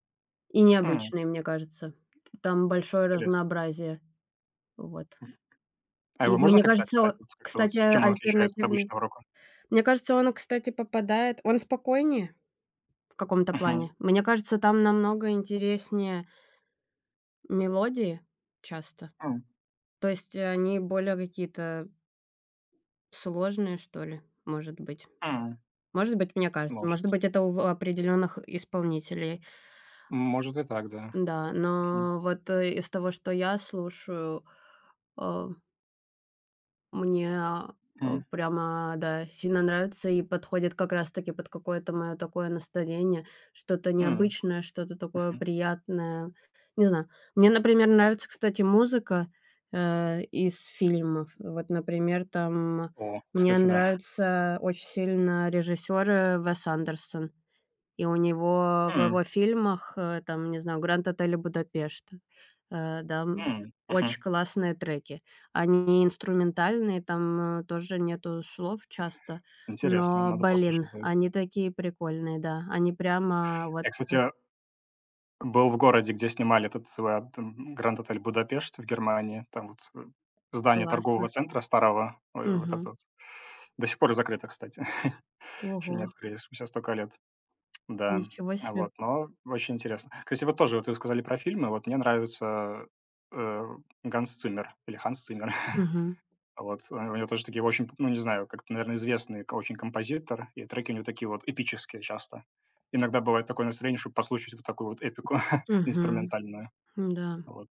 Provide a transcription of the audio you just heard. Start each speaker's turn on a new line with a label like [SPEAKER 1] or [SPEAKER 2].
[SPEAKER 1] И
[SPEAKER 2] М.
[SPEAKER 1] необычный, мне кажется. Т там большое
[SPEAKER 2] Интересно.
[SPEAKER 1] разнообразие. Вот.
[SPEAKER 2] Мгм. А
[SPEAKER 1] И,
[SPEAKER 2] его можно
[SPEAKER 1] мне
[SPEAKER 2] как-то
[SPEAKER 1] кажется о
[SPEAKER 2] описать? Как-то, вот,
[SPEAKER 1] кстати,
[SPEAKER 2] чем он отличается от
[SPEAKER 1] альтернативный
[SPEAKER 2] обычного рока?
[SPEAKER 1] мне кажется, он, кстати, попадает он спокойнее в каком-то
[SPEAKER 2] Мгм.
[SPEAKER 1] плане. Мне кажется, там намного интереснее мелодии часто.
[SPEAKER 2] М.
[SPEAKER 1] То есть, они более какие-то сложные что ли, может быть.
[SPEAKER 2] М.
[SPEAKER 1] Может быть, мне кажется, может
[SPEAKER 2] Может.
[SPEAKER 1] быть, это у в определенных исполнителей.
[SPEAKER 2] Может, и так, да.
[SPEAKER 1] Да,
[SPEAKER 2] Мгм.
[SPEAKER 1] но вот из того, что я слушаю, а мне, а,
[SPEAKER 2] Мгм.
[SPEAKER 1] прямо, да, сильно нравится и подходит как раз таки под какое-то мое такое настроение, что-то
[SPEAKER 2] М.
[SPEAKER 1] необычное, что-то такое
[SPEAKER 2] Мгм.
[SPEAKER 1] приятное. Не знаю. Мне, например, нравится, кстати, музыка, э, из фильмов. Вот, например, там
[SPEAKER 2] О,
[SPEAKER 1] мне
[SPEAKER 2] кстати, да.
[SPEAKER 1] нравится очень сильно режиссёр Уэс Андерсон. И у него в
[SPEAKER 2] М.
[SPEAKER 1] его фильмах, э, там, не знаю, "Гранд Отель Будапешт", э, да, м,
[SPEAKER 2] М.
[SPEAKER 1] очень
[SPEAKER 2] Мгм.
[SPEAKER 1] классные треки. Они инструментальные, там, э, тоже нету слов часто,
[SPEAKER 2] Интересно,
[SPEAKER 1] но,
[SPEAKER 2] надо
[SPEAKER 1] блин,
[SPEAKER 2] послушать будет.
[SPEAKER 1] они такие прикольные! Да. Они прямо вот
[SPEAKER 2] Я, кстати, был в городе, где снимали этот вот "Гранд Отель Будапешт" в Германии. Там вот здание торгового
[SPEAKER 1] Классно.
[SPEAKER 2] центра старого, э, вот это
[SPEAKER 1] Мгм.
[SPEAKER 2] вот. До сих пор закрыто, кстати, еще не
[SPEAKER 1] Ого!
[SPEAKER 2] открыли, спустя столько лет. Да.
[SPEAKER 1] Ничего себе.
[SPEAKER 2] Вот, но очень интересно. Кстати, вот тоже, вот вы сказали про фильмы, вот мне нравится, э, Ганс Циммер или Ханс Циммер.
[SPEAKER 1] Мгм.
[SPEAKER 2] Вот, у него тоже такие очень, ну, не знаю, как, наверно, известный очень композитор, и треки у него такие вот эпические часто. Иногда бывает такое настроение, чтоб послушать вот такую вот эпику
[SPEAKER 1] Мгм.
[SPEAKER 2] инструментальную.
[SPEAKER 1] М-да.
[SPEAKER 2] Вот.